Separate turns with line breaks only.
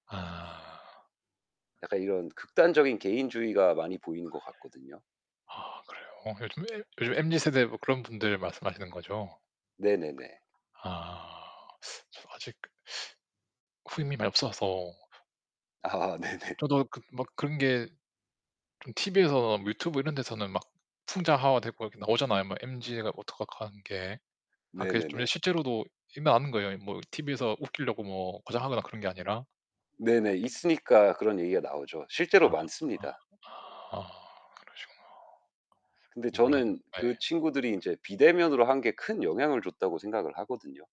아.
약간 이런 극단적인 개인주의가 많이 보이는 것 같거든요.
아 그래요? 요즘 엠 요즘 엠지 세대 뭐 그런 분들 말씀하시는 거죠?
네네네.
아. 저 아직 그 후임이 많이 없어서.
아아 네네.
저도 그 막 그런 게 좀 TV에서나 유튜브 이런 데서는 막 풍자화와 됐고 이렇게 나오잖아요 막 엠지 애가 어떡한 한 게. 아 그게 좀 예
네네네.
실제로도 일어나는 거예요 뭐 이 TV에서 웃기려고 뭐 과장하거나 그런 게 아니라?
네네. 있으니까 그런 얘기가 나오죠. 실제로
아
많습니다.
아 아 그러시구나. [unintelligible]
근데
그 몰랐네.
저는 그
예.
친구들이 인제 비대면으로 한 게 큰 영향을 줬다고 생각을 하거든요.